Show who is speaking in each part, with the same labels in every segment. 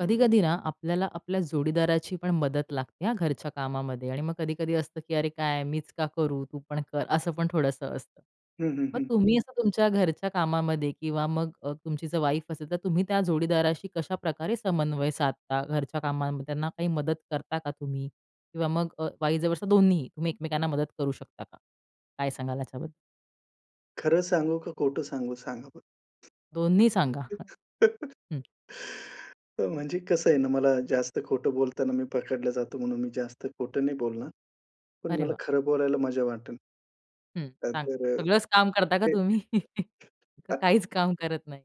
Speaker 1: कधी-कधी ना, आपल्याला आपल्या जोडीदाराची पण मदत लागते हा घरच्या कामामध्ये आणि मग कधी-कधी असतं की "अरे! काय? मीच का करू? तू पण कर" असं पण थोडंसं असतं.
Speaker 2: हं, हं,
Speaker 1: मग
Speaker 2: हं.
Speaker 1: तुम्ही असं तुमच्या घरच्या कामामध्ये किंवा मग अ, तुमची जर वाईफ असेल, तर तुम्ही त्या जोडीदाराशी कशाप्रकारे समन्वय साधता घरच्या कामामध्ये, त्यांना काही मदत करता का तुम्ही किंवा मग अ, वाईस वर्सा दोन्हीही तुम्ही एकमेकांना मदत करू शकता का? काय सांगाल याच्याबद्दल.
Speaker 2: खरं सांगू का खोटं सांगू? सांगा
Speaker 1: दोन्ही सांगा.
Speaker 2: बरं.
Speaker 1: ह. हं.
Speaker 2: तर म्हणजे कसं आहे ना, मला जास्त खोटं बोलताना मी पकडला जातो, म्हणून मी जास्त खोटं नाही बोलणार. पण
Speaker 1: अरे
Speaker 2: मला
Speaker 1: वाह!
Speaker 2: खरं बोलायला मजा वाटेल.
Speaker 1: हं. सांग.
Speaker 2: त्यानंतर
Speaker 1: सगळंच काम करता का
Speaker 2: ते
Speaker 1: तुम्ही? का काहीच काम करत नाही.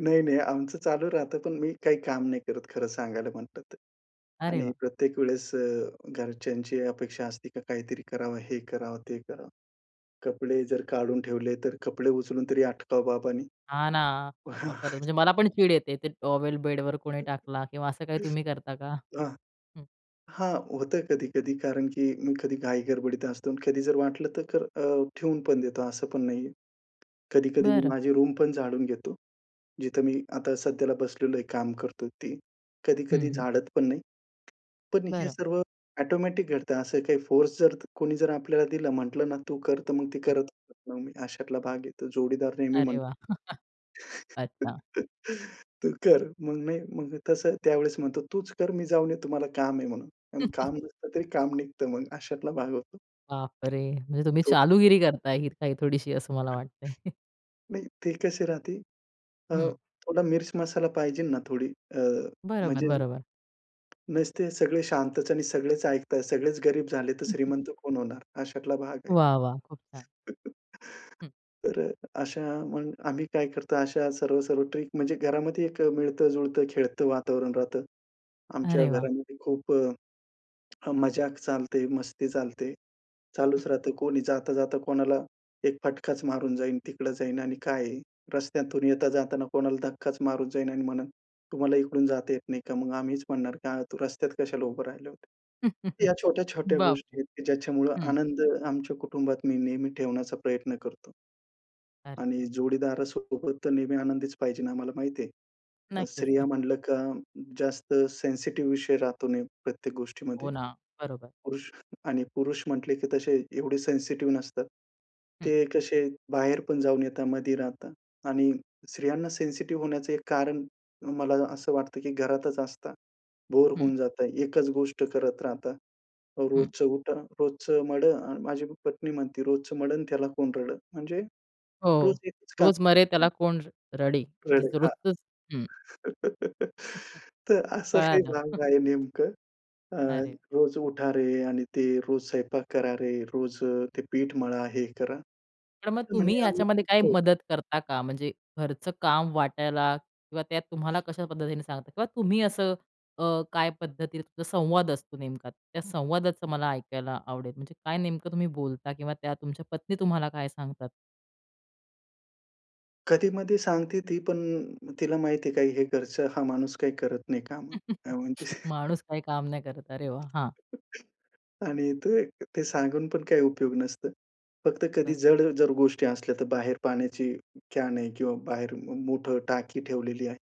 Speaker 2: नाही, नाही. आमचं चालू राहतं, पण मी काही काम नाही करत खरं सांगायला म्हटलं तर.
Speaker 1: अरे
Speaker 2: आणि
Speaker 1: वाह!
Speaker 2: प्रत्येक वेळेस अ, घरच्यांची अपेक्षा असते का काहीतरी करावं, हे करावं, ते करावं. कपडे जर काढून ठेवले, तर कपडे उचलून तरी आटपावं बाबानी.
Speaker 1: हा ना. बाबा खरंच, म्हणजे मला पण चीड येते ते टॉवेल बेडवर कोणी टाकला किंवा असं काही तुम्ही करता का?
Speaker 2: आं.
Speaker 1: हं.
Speaker 2: हां, होतं कधी-कधी. कारण की मी कधी घाईगडबडीत असतो आणि कधी जर वाटलं तर कर अ, ठेवून पण देतो, असं पण नाहीये. कधी-कधी मी
Speaker 1: बरं.
Speaker 2: माझी रूमपण झाडून घेतो, जिथं मी आता सध्याला बसलेलो आहे, काम करतोय ती,
Speaker 1: हं,
Speaker 2: कधी-कधी
Speaker 1: हं.
Speaker 2: झाडत पण नाही. पण हे
Speaker 1: बरं.
Speaker 2: सर्व ऑटोमॅटिक घडतं, असं काही फोर्स जर कोणी जर आपल्याला दिला, म्हटलं ना, "तू कर" तर मग ती
Speaker 1: हम्म.
Speaker 2: करत पण नाही. अशातला भाग आहे तो, जोडीदार नेहमी
Speaker 1: अरे वाह!
Speaker 2: म्हणतो,
Speaker 1: अच्छा.
Speaker 2: "तू कर", मग नाही. मग तसं त्यावेळेस म्हणतो, "तूच कर मी जाऊन येतो मला काम आहे म्हणून" काम नसतं तरी काम निघत मग, अशातला भाग होतो.
Speaker 1: बापरे! म्हणजे तुम्ही
Speaker 2: [unintelligible]
Speaker 1: चालूगिरी करताय इथे ही काही थोडीशी असं मला वाटतंय. हं. बरोबर, बरोबर. वाह! वाह! खूप छान. हं.
Speaker 2: तर अशा मग आम्ही काय करतो? अशा सर्व-सर्व ट्रिक म्हणजे घरामध्ये 1 अ, मिळत-जुळतं, खेळतं वातावरण राहतं. आमच्या
Speaker 1: अरे वाह!
Speaker 2: घरामध्ये खूप अ, मजाक चालते, मस्ती चालते.
Speaker 1: हं.
Speaker 2: चालूच राहतं कोणी जाता-जाता कोणाला 1 फटकाच मारून जाईन, तिकडं जाईन आणि काय आहे. रस्त्यातून येता-जाताना कोणाला धक्काच मारून जाईन आणि म्हणलं, "तुम्हाला इकडून जाता येत नाही का?" मग आम्हीच म्हणणार, "का तू रस्त्यात कशाला उभं राहिलं होता?" या छोट्या-छोट्या
Speaker 1: बापरे!
Speaker 2: गोष्टी आहेत की ज्याच्यामुळं
Speaker 1: हं.
Speaker 2: आनंद आमच्या कुटुंबात मी नेहमी ठेवण्याचा प्रयत्न करतो.
Speaker 1: अरे!
Speaker 2: आणि जोडीदारासोबत तर नेहमी आनंदीच पाहिजे. आम्हाला माहिती आहे,
Speaker 1: नक्कीच,
Speaker 2: स्त्रिया
Speaker 1: नक्कीच.
Speaker 2: म्हणलं का जास्त सेन्सिटिव्ह विषय राहतो नेहमी प्रत्येक गोष्टीमध्ये.
Speaker 1: हो ना. बरोबर.
Speaker 2: पुरुष आणि पुरुष म्हटले की तसे एवढे सेन्सिटिव्ह नसतात,
Speaker 1: हं.
Speaker 2: ते कसे, बाहेर पण जाऊन येतात, मधी राहतात आणि स्त्रियांना सेन्सिटिव्ह होण्याचं एक कारण मला असं वाटतं की घरातच असतात, बोर
Speaker 1: हं.
Speaker 2: होऊन जातात. एकच गोष्ट करत राहतात,
Speaker 1: हं.
Speaker 2: रोजचं उठा, रोजचं मढ आणि माझी पण पत्नी म्हणती, "रोजचं मढं आणि त्याला कोण रडं" म्हणजे रोज
Speaker 1: हो,
Speaker 2: एकच काम.
Speaker 1: "रोज मरे त्याला कोण र रडे" म्हणजे
Speaker 2: रडं,
Speaker 1: जर
Speaker 2: हां.
Speaker 1: रोजचचं हं.
Speaker 2: तर असा काही
Speaker 1: कळालं.
Speaker 2: भाग आहे, नेमकं. अ,
Speaker 1: अरे!
Speaker 2: रोज उठा रे आणि ते रोज स्वयंपाक करा रे, रोज ते पीठ मळा, हे करा.
Speaker 1: तर मग तुम्ही
Speaker 2: म्हणे आम्ही
Speaker 1: याच्यामध्ये
Speaker 2: [unintelligible]
Speaker 1: काही
Speaker 2: होतो.
Speaker 1: मदत करता का? म्हणजे घरचं काम वाटायला किंवा त्यात तुम्हाला कशा पद्धतीने सांगता किंवा तुम्ही असं अ, काय पद्धतीने तुमचा संवाद असतो नेमका, त्या संवादाचं मला ऐकायला आवडेल. म्हणजे काय नेमकं तुम्ही बोलता किंवा त्या तुमच्या पत्नी तुम्हाला काय सांगतात?
Speaker 2: कधी मधे सांगते ती पण अ, तिला माहिती आहे का हे घरचं हा माणूस काही करत नाही कामं. काय म्हणते.
Speaker 1: माणूस काही काम नाही करत. अरे वाह! हां.
Speaker 2: आणि तो एक ते सांगून पण काही उपयोग नसतं. फक्त कधी
Speaker 1: तर
Speaker 2: जड जर गोष्टी असल्या तर बाहेर पाण्याची कॅन आहे किंवा बाहेर म मोठं टाकी ठेवलेली आहे.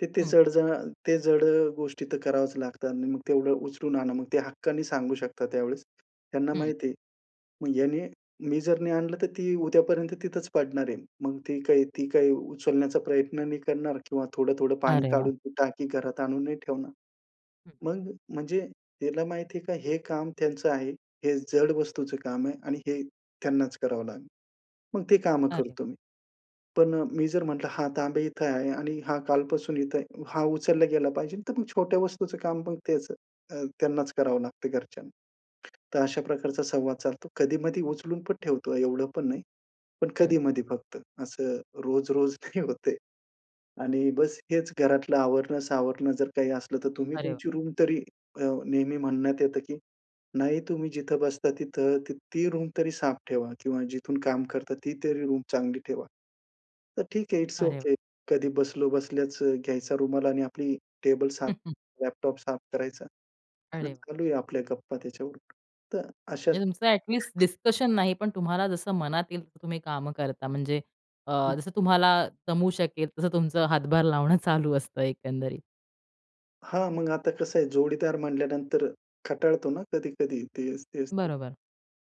Speaker 2: तर ते
Speaker 1: हं.
Speaker 2: जड, जड, अ, ते जड अ, गोष्टी तर करावच लागतात आणि मग तेवढं उचलून आणा. मग ते हक्काने सांगू शकतात त्यावेळेस, त्यांना
Speaker 1: हं.
Speaker 2: माहिती आहे. मग ह्याने मी जर नाही आणलं, तर ती उद्यापर्यंत तिथच पडणार आहे. मग ती काही, ती काही उचलण्याचा प्रयत्न नाही करणार किंवा थोडं, थोडं पाणी
Speaker 1: अरे वाह!
Speaker 2: काढून ती टाकी घरात आणून नाही ठेवणार.
Speaker 1: हं.
Speaker 2: मग म्हणजे त्याला माहिती आहे का हे काम त्यांचं आहे, हे जड वस्तूचं काम आहे आणि हे त्यांनाच करावं लागेल. मग ती कामं
Speaker 1: अरे.
Speaker 2: करतो मी. पण अ, मी जर म्हटलं, हा तांब्या इथं आहे आणि हा कालपासून इथे आहे. हा उचलला गेला पाहिजे. तर मग छोट्या वस्तूंचं काम त्यांच अ, त्यांनाच करावं लागतं घरच्यांना. तर अशा प्रकारचा संवाद चालतो. कधी-मधी उचलून पण ठेवतो एवढं पण नाही, पण
Speaker 1: हं.
Speaker 2: कधी-मधी फक्त. असं रोज-रोज नाही होत ते आणि बस हेच घरातलं आवरण-सावरण जर काही असलं तर तुम्ही
Speaker 1: अरे वाह!
Speaker 2: तुमची रूम तरी अ, नेहमी म्हणण्यात येतं, की नाही तुम्ही जिथं बसता तिथं, ती रूम तरी साफ ठेवा किंवा जिथून काम करता, ती, तरी रूम चांगली ठेवा. तर ठीक आहे. इट्स
Speaker 1: अरे वाह.
Speaker 2: ओके. कधी बसलो बसल्याच घ्यायचा रुमाल आणि आपली टेबल साफ, लॅपटॉप साफ करायचा. [unintelligible]
Speaker 1: अरे!
Speaker 2: चालूया आपल्या गप्पा त्याच्यावरून तर अशाच
Speaker 1: म्हणजे तुमचं ॲटलीस्ट डिसकशन नाही पण तुम्हाला जसं मनात येईल तसं तुम्ही कामं करता, म्हणजे अ,
Speaker 2: हं.
Speaker 1: जसं तुम्हाला जमू शकेल तसं तुमचं हातभार लावणं चालू असतं एकंदरीत.
Speaker 2: हां मग आता कसं आहे, जोडीदार म्हणल्यानंतर कंटाळतो ना कधी-कधी तेच, तेच ते.
Speaker 1: बरोबर.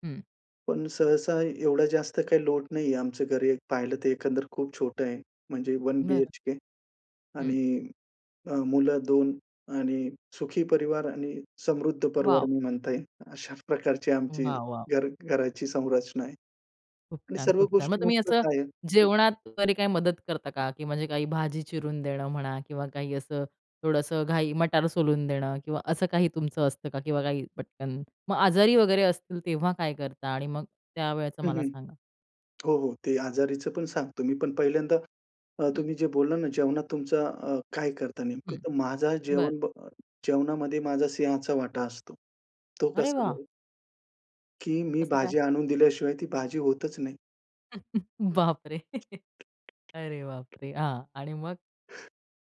Speaker 1: हं.
Speaker 2: पण सहसा एवढा जास्त काही लोड नाहीये आमचं घर एक पाहिलं तर, एकंदर खूप छोटं आहे. म्हणजे वन
Speaker 1: बरं.
Speaker 2: बीएचके
Speaker 1: हं.
Speaker 2: आणि अ, मुलं 2 आणि सुखी परिवार आणि समृद्ध परिवार
Speaker 1: वॉव!
Speaker 2: मी म्हणता येईल अशा प्रकारची आमची
Speaker 1: वाह! वाह!
Speaker 2: घर घराची संरचना आहे.
Speaker 1: खूप
Speaker 2: आणि
Speaker 1: छान,
Speaker 2: सर्व
Speaker 1: खूप छान. मग
Speaker 2: गोष्टी
Speaker 1: तुम्ही असं
Speaker 2: मुबलक आहेत. हं.
Speaker 1: जेवणात कधी काही मदत करता का, की म्हणजे काही भाजी चिरून देणं म्हणा किंवा काही असं थोडंसं घाई मटार सोलून देणं किंवा असं काही तुमचं असतं का? किंवा काही पटकन. मग आजारी वगैरे असतील तेव्हा काय करता? आणि मग त्यावेळचं
Speaker 2: हं,
Speaker 1: मला
Speaker 2: हं.
Speaker 1: सांगा.
Speaker 2: हो, हो. ते आजारीचं पण सांगतो मी पण पहिल्यांदा अ,
Speaker 1: हं.
Speaker 2: तुम्ही जे बोलला ना जेवणात तुमचं अ, काय करता नेमकं
Speaker 1: हं.
Speaker 2: तर माझा
Speaker 1: बरं.
Speaker 2: जेवण ब जेवणामध्ये माझा सिंहाचा वाटा असतो. तो
Speaker 1: अरे
Speaker 2: कसा
Speaker 1: वाह!
Speaker 2: बरं? की मी
Speaker 1: कसं काय?
Speaker 2: भाजी आणून दिल्याशिवाय ती भाजी होतच नाही.
Speaker 1: बापरे! अरे बापरे! हां. आणि मग?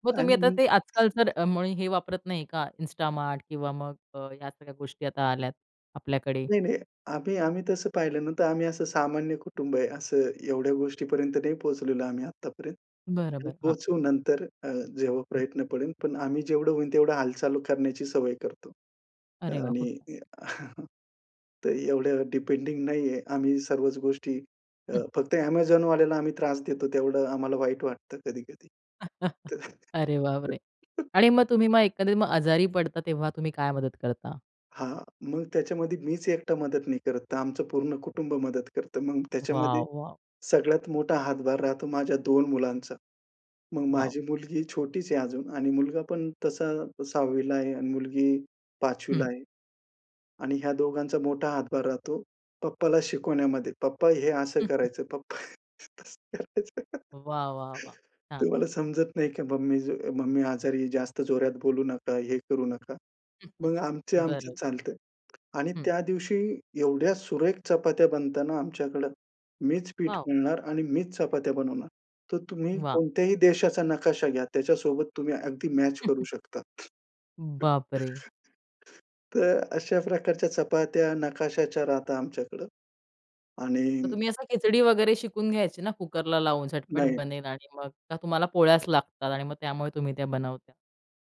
Speaker 1: मग तुम्ही
Speaker 2: आणि
Speaker 1: आता
Speaker 2: मी
Speaker 1: ते आजकाल जर मुळे हे वापरत नाही का Instamart किंवा मग या सगळ्या गोष्टी आता आल्यात आपल्याकडे?
Speaker 2: नाही, नाही. आम्ही आम्ही तसं पाहिलं ना तर आम्ही असं सामान्य कुटुंब आहे, असं एवढ्या गोष्टीपर्यंत नाही पोहचलेलो आम्ही आत्तापर्यंत.
Speaker 1: बरं
Speaker 2: पण
Speaker 1: बरं हां.
Speaker 2: पोहचू नंतर अ, जेव्हा
Speaker 1: हं.
Speaker 2: प्रयत्न पडेल, पण आम्ही जेवढं होईल तेवढं हालचाल करण्याची सवय करतो.
Speaker 1: अरे वाह!
Speaker 2: आणि
Speaker 1: खूप छान.
Speaker 2: अ, तर एवढं डिपेंडिंग नाहीये आम्ही सर्वच गोष्टी अ,
Speaker 1: हं.
Speaker 2: फक्त Amazonवाल्याला आम्ही त्रास देतो तेवढं आम्हाला वाईट वाटतं कधी-कधी.
Speaker 1: अरे
Speaker 2: तर
Speaker 1: बापरे! आणि मग तुम्ही मग एखाद्या आजारी पडता तेव्हा तुम्ही काय मदत करता?
Speaker 2: हां, मग त्याच्यामध्ये मीच एकटा मदत नाही करत तर आमचं पूर्ण कुटुंब मदत करतं मग त्याच्यामध्ये
Speaker 1: वाह, वाह!
Speaker 2: सगळ्यात मोठा हातभार राहतो माझ्या 2 मुलांचा. मग
Speaker 1: वॉव!
Speaker 2: माझी मुलगी छोटीच आहे अजून आणि मुलगा पण तसा 6वीला आहे आणि मुलगी 5वीला
Speaker 1: हं.
Speaker 2: आहे. आणि ह्या दोघांचा मोठा हातभार राहतो पप्पाला शिकवण्यामध्ये, पप्पा हे असं करायचं, पप्पा तसं करायचं.
Speaker 1: वाह, वाह, वाह! छान.
Speaker 2: "तुम्हाला समजत नाही का मम्मी ज मम्मी आजारी जास्त जोरात बोलू नका, हे करू नका." मग आमचं
Speaker 1: बरं.
Speaker 2: आमच्यात चालतं आणि
Speaker 1: हं.
Speaker 2: त्या दिवशी एवढ्या सुरेख चपात्या बनता ना आमच्याकडं, मीच पीठ
Speaker 1: वॉव!
Speaker 2: मळणार आणि मीच चपात्या बनवणार, तर तुम्ही
Speaker 1: वाह!
Speaker 2: कोणत्याही देशाचा नकाशा घ्या त्याच्यासोबत तुम्ही अगदी मॅच करू शकता.
Speaker 1: बापरे!
Speaker 2: तर अशा प्रकारच्या चपात्या नकाशाच्या राहतात आमच्याकडं
Speaker 1: तर
Speaker 2: आणि
Speaker 1: तुम्ही असं खिचडी वगैरे शिकून घ्यायची ना, कुकरला लावून झटपट
Speaker 2: नाही.
Speaker 1: बनेल आणि मग का तुम्हाला पोळ्याच लागतात आणि मग त्यामुळे तुम्ही त्या बनवता?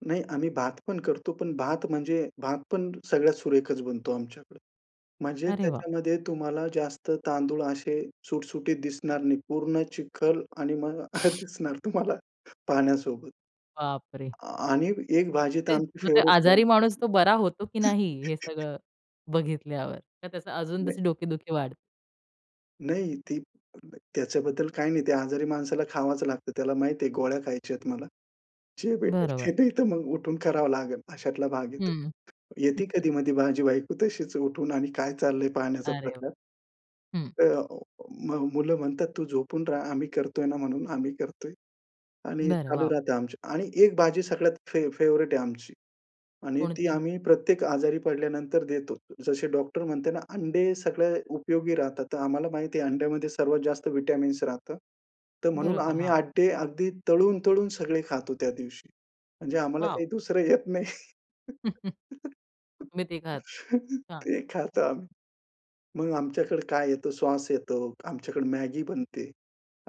Speaker 2: नाही आम्ही भात पण करतो पण भात म्हणजे भात पण सगळ्यात सुरेखच बनतो आमच्याकडे. म्हणजे
Speaker 1: अरे वाह!
Speaker 2: त्याच्यामध्ये तुम्हाला जास्त तांदूळ असे सुटसुटीत दिसणार नाही, पूर्ण चिखल आणि मग अ, दिसणार तुम्हाला पाण्यासोबत.
Speaker 1: बाप रे!
Speaker 2: आ आणि एक भाजी तर
Speaker 1: ते
Speaker 2: आमची
Speaker 1: मग ते
Speaker 2: फेव्हरेट आहे.
Speaker 1: आजारी माणूस तो बरा होतो की नाही, हे सगळं बघितल्यावर? का त्याचा अजून
Speaker 2: नाही.
Speaker 1: तशी डोकेदुखी वाढते?
Speaker 2: नाही ती अ, न त्याच्याबद्दल काही नाही. ते आजारी माणसाला खावाचं लागतं. त्याला माहिती आहे गोळ्या खायच्यात मला. जे भेटेल
Speaker 1: बरोबर.
Speaker 2: ते नाही तर मग उठून करावं लागेल अशातला भाग आहे तो.
Speaker 1: हं.
Speaker 2: येती कधी मधी माझी बायको तशीच उठून आणि काय चाललंय पाहण्याचा
Speaker 1: अरे व
Speaker 2: प्रकार.
Speaker 1: हं.
Speaker 2: अ, अ, अ, म मुलं म्हणतात तू झोपून रहा आम्ही करतोय ना म्हणून आम्ही करतोय आणि
Speaker 1: बरं
Speaker 2: चालू
Speaker 1: वॉव!
Speaker 2: राहतं आमचं. आणि एक भाजी सगळ्यात फे फेव्हरेट आहे आमची आणि ती
Speaker 1: कोणती?
Speaker 2: आम्ही प्रत्येक आजारी पडल्यानंतर देतो. जसे डॉक्टर म्हणते ना, अंडे सगळे उपयोगी राहतात. तर आम्हाला माहिती आहे अंड्यामध्ये सर्वात जास्त व्हिटॅमिन्स राहतात. तर म्हणून
Speaker 1: बरोबर,
Speaker 2: आम्ही
Speaker 1: हां.
Speaker 2: अड्डे अगदी तळून-तळून सगळे खातो त्या दिवशी. म्हणजे आम्हाला
Speaker 1: वॉव!
Speaker 2: काही दुसरं येत नाही
Speaker 1: तुम्ही 3घ आहात. हां.
Speaker 2: ते खातो आम्ही. मग आमच्याकडे काय येतं सॉस येतो, आमच्याकडे मॅगी बनते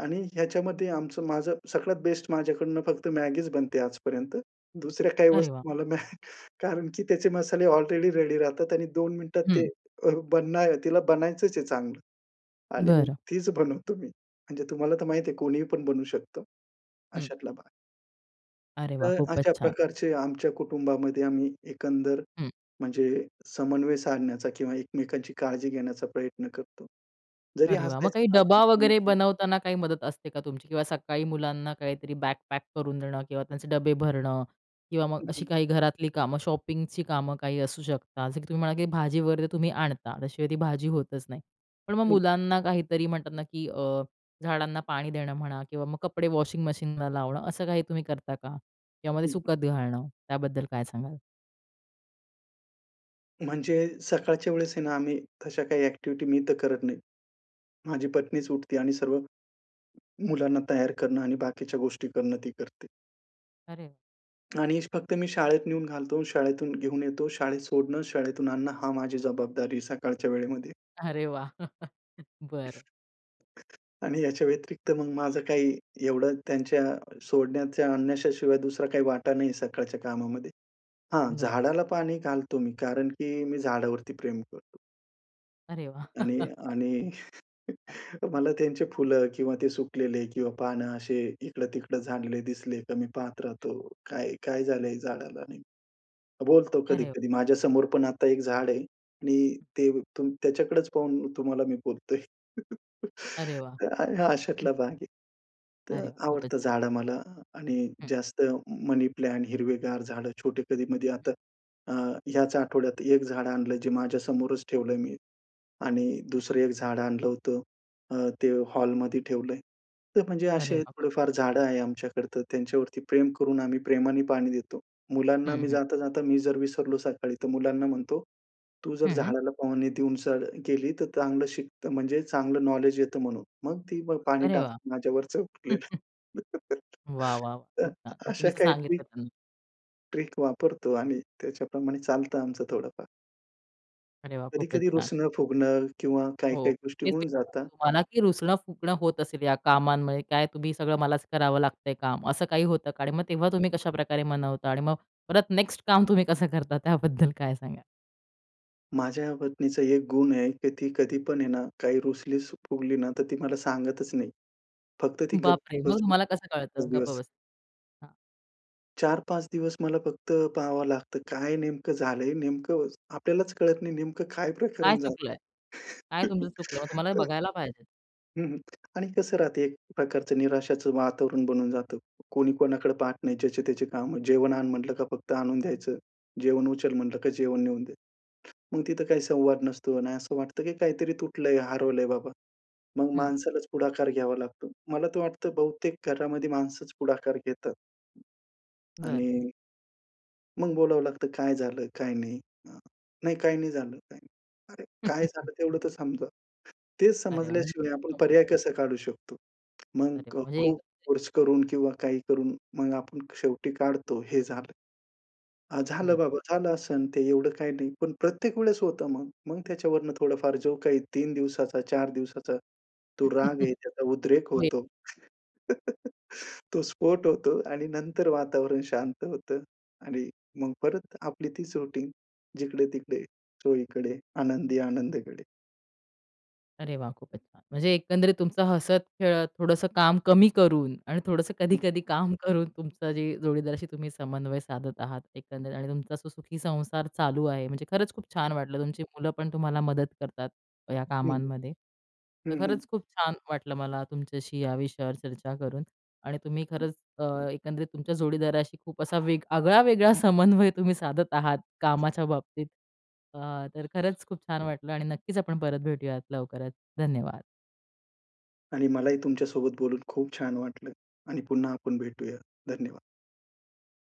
Speaker 2: आणि ह्याच्यामध्ये आमचं माझं सगळ्यात बेस्ट माझ्याकडून फक्त मॅगीच बनते आजपर्यंत. दुसऱ्या काही
Speaker 1: अरे वाह!
Speaker 2: वस्तू मला नाही कारण की त्याचे मसाले अलरेडी रेडी राहतात आणि 2 मिनिटात ते
Speaker 1: हं.
Speaker 2: अ, बनाय तिला बनायचंच आहे चांगलं आणि मग
Speaker 1: बरं.
Speaker 2: तीच बनवतो मी. म्हणजे तुम्हाला तर माहीत आहे कोणीही पण बनवू शकत
Speaker 1: हं.
Speaker 2: अशातला भाग.
Speaker 1: अरे वाह!
Speaker 2: तर
Speaker 1: खूपचं
Speaker 2: अशा
Speaker 1: छान.
Speaker 2: प्रकारचे आमच्या कुटुंबामध्ये आम्ही एकंदर
Speaker 1: हं.
Speaker 2: म्हणजे समन्वय साधण्याचा किंवा एकमेकांची काळजी घेण्याचा प्रयत्न करतो. जरी
Speaker 1: अरे वाह. मग काही डबा वगैरे
Speaker 2: हसायचं [unintelligible]
Speaker 1: बनवताना काही मदत असते का तुमची? किंवा सकाळी मुलांना काहीतरी बॅग पॅक करून देणं किंवा त्यांचे डबे भरणं किंवा मग
Speaker 2: हं,
Speaker 1: अशी
Speaker 2: हं.
Speaker 1: काही घरातली कामं, शॉपिंगची कामं काही असू शकतात जसं की तुम्ही म्हणा की भाजीवर तुम्ही आणता. त्याशिवाय ती भाजी होतचं नाही. पण मग
Speaker 2: हं.
Speaker 1: मुलांना काहीतरी, म्हणतात ना, की अ, झाडांना पाणी देणं म्हणा किंवा मग कपडे वॉशिंग मशीनला लावणं असं काही तुम्ही करता का? यामध्ये
Speaker 2: हं, हं.
Speaker 1: सुकत घालणं त्याबद्दल काय सांगाल?
Speaker 2: म्हणजे सकाळच्या वेळेस आहे ना, आम्ही तशा काही ॲक्टिविटी मी तर करत नाही. माझी पत्नीचं उठते आणि सर्व मुलांना तयार करणं आणि बाकीच्या गोष्टी करणं ती करते.
Speaker 1: अरे
Speaker 2: आणि फक्त मी शाळेत नेऊन घालतो शाळेतून घेऊन येतो, शाळेत सोडणं, शाळेतून आणणं हा माझी जबाबदारी सकाळच्या वेळेमध्ये.
Speaker 1: अरे वाह! बरं.
Speaker 2: आणि याच्या व्यतिरिक्त मग माझं काही एवढं त्यांच्या सोडण्याच्या आणण्याच्या शिवाय दुसरा काही वाटा नाही सकाळच्या कामामध्ये. हां,
Speaker 1: हं, हं.
Speaker 2: झाडाला पाणी घालतो मी. कारण, की मी झाडावरती प्रेम करतो.
Speaker 1: अरे वाह!
Speaker 2: आणि आणि मला त्यांचे फुलं किंवा ते सुकलेले किंवा पान असे इकडं-तिकडं झाडले दिसले की मी पाहत
Speaker 1: हं.
Speaker 2: राहतो, काय-काय झालंय झाडाला, नाही? बोलतो
Speaker 1: अरे.
Speaker 2: कधी-कधी माझ्यासमोर पण आता एक झाड आहे आणि
Speaker 1: हं.
Speaker 2: ते तू त्याच्याकडेच पाहून तुम्हाला मी बोलतोय.
Speaker 1: अरे वाह!
Speaker 2: हं, हां अशातला भाग आहे. तर
Speaker 1: अरे वाह! खूपच
Speaker 2: आवडतं
Speaker 1: छान.
Speaker 2: झाडं मला आणि
Speaker 1: हं.
Speaker 2: जास्त मनी प्लांट हिरवेगार झाडं छोटे कधी-मधी आता
Speaker 1: हं.
Speaker 2: अ, याच आठवड्यात 1 झाडं आणलं. जे माझ्या समोरच ठेवलंय मी आणि
Speaker 1: हं.
Speaker 2: 2सरं एक झाडं आणलं होतं अ, ते हॉलमध्ये ठेवलंय. तर म्हणजे
Speaker 1: अरे
Speaker 2: असे
Speaker 1: वाह! खूप छान!
Speaker 2: थोडेफार झाडं आहे आमच्याकडे तर त्यांच्यावरती प्रेम करून आम्ही प्रेमाने पाणी देतो. मुलांना
Speaker 1: हं,
Speaker 2: मी
Speaker 1: हं.
Speaker 2: जाता-जाता मी जर विसरलो सकाळी तर मुलांना म्हणतो, तू जर
Speaker 1: हं.
Speaker 2: झाडाला पाणी देऊन शाळा गेली तर चांगलं शिकत म्हणजे चांगलं नॉलेज येतं म्हणून. मग ती ब पाणी
Speaker 1: अरे वाह!
Speaker 2: टाकेल, माझ्यावतीच उरलेलं.
Speaker 1: वाह, वाह, वाह!
Speaker 2: तर
Speaker 1: खूप छान! म्हणजे तुम्ही
Speaker 2: अशा
Speaker 1: असं
Speaker 2: काही
Speaker 1: सांगितलं
Speaker 2: ट्रिक
Speaker 1: त्यांना?
Speaker 2: ट्रिक वापरतो आणि त्याच्या प्रमाणे चालत आमचं थोडंफार.
Speaker 1: अरे वाह! खूपच
Speaker 2: कधी-कधी
Speaker 1: छान.
Speaker 2: रुसणं-फुगणं किंवा
Speaker 1: हो,
Speaker 2: काही-काही गोष्टी
Speaker 1: हेच मी
Speaker 2: होऊन
Speaker 1: विचारात
Speaker 2: जातात.
Speaker 1: होतो तुम्हाला की रुसणं-फुगणं होत असेल या कामांमुळे. काय तुम्ही सगळं मलाच करावं लागतंय काम असं काही होतं का? आणि मग तेव्हा तुम्ही कशाप्रकारे मनवता आणि मग परत नेक्स्ट काम तुम्ही कसं करता त्याबद्दल काय सांगाल?
Speaker 2: माझ्या पत्नीचा एक गुण आहे की ती कधी पण हे ना, काही रूसलीस फुगली ना तर ती मला सांगतच नाही. फक्त ती गप
Speaker 1: बापरे!
Speaker 2: [unintelligible]
Speaker 1: मग
Speaker 2: बसून
Speaker 1: मला कसं कळतं?
Speaker 2: उभी
Speaker 1: गप्प
Speaker 2: असते.
Speaker 1: बस हां.
Speaker 2: 4-5 दिवस मला फक्त पाहावं लागतं, काय नेमकं झालंय? नेमकं आपल्यालाच कळत नाही नेमकं काय
Speaker 1: काय
Speaker 2: प्रकरण झालं?
Speaker 1: चुकलंय? काय तुमचं चुकलं? मग तुम्हाला बघायला पाहिजेत.
Speaker 2: हं, हं, आणि कसं राहतं एक प्रकारचं निराशाचं वातावरण बनून जातं. कोणी कोणाकडे पाहत नाही. ज्याचे-त्याचे कामं "जेवण आण." म्हटलं का फक्त आणून द्यायचं. "जेवण उचल." म्हटलं का जेवण नेऊन दे. मग तिथं काही संवाद नसतो आणि असं वाटतं की काहीतरी तुटलंय, हरवलंय बाबा. मग
Speaker 1: हं.
Speaker 2: माणसालाच पुढाकार घ्यावा लागतो. मला तर वाटतं बहुतेक घरामध्ये माणसंच पुढाकार घेतात.
Speaker 1: बरं.
Speaker 2: आणि मग बोलावं लागतं, "काय झालं? काय नाही?" अ, "नाही, काही नाही झालं. काही नाही." "अरे काय झालं तेवढं तर समजव." तेच
Speaker 1: अरे वाह! म्हणजे
Speaker 2: समजल्याशिवाय आपण
Speaker 1: चुकलं माझं.
Speaker 2: पर्याय कसा काढू शकतो?
Speaker 1: अरे,
Speaker 2: मग
Speaker 1: म्हणजे
Speaker 2: खूप
Speaker 1: एकंद
Speaker 2: फोर्स करून किंवा काही करून मग आपण शेवटी काढतो हे झालं. अ, झालं
Speaker 1: बरं.
Speaker 2: बाबा, झालं असंन ते एवढं काही नाही. पण प्रत्येक वेळेस होतं मग. मग त्याच्यावरनं थोडंफार जो काही 3 दिवसाचा, 4 दिवसाचा तो राग आहे त्याचा उद्रेक
Speaker 1: होय.
Speaker 2: होतो. तो स्फोट होतो आणि नंतर वातावरण शांत होतं आणि मग परत आपली तीच रुटीन जिकडं-तिकडे चोहीकडे आनंदी आनंदगडे.
Speaker 1: अरे वाह! खूपच छान. म्हणजे एकंदरीत तुमचं हसत-खेळत, थोडंसं काम कमी करून आणि थोडंसं
Speaker 2: हं.
Speaker 1: कधी-कधी काम करून, तुमचं जे जोडीदाराशी तुम्ही समन्वय साधत आहात, एकंदरीत आणि तुमचा जो सुखी संसार चालू आहे. म्हणजे खरंच खूप छान वाटलं. तुमची मुलं पण तुम्हाला मदत करतात या
Speaker 2: हं,
Speaker 1: कामांमध्ये. तर
Speaker 2: हं, हं.
Speaker 1: खरंच खूप छान वाटलं मला तुमच्याशी या विषयावर चर्चा करून आणि तुम्ही खरंच अ, एकंदरीत तुमच्या जोडीदाराशी खूप असा वेग आगळा-वेगळा समन्वय तुम्ही साधत आहात कामाच्या बाबतीत. अ, तर खरंच खूप छान वाटलं आणि नक्कीच आपण परत भेटूयात लवकरच, धन्यवाद.
Speaker 2: आणि मलाही तुमच्या सोबत बोलून खूप छान वाटलं आणि पुन्हा आपण भेटूया, धन्यवाद.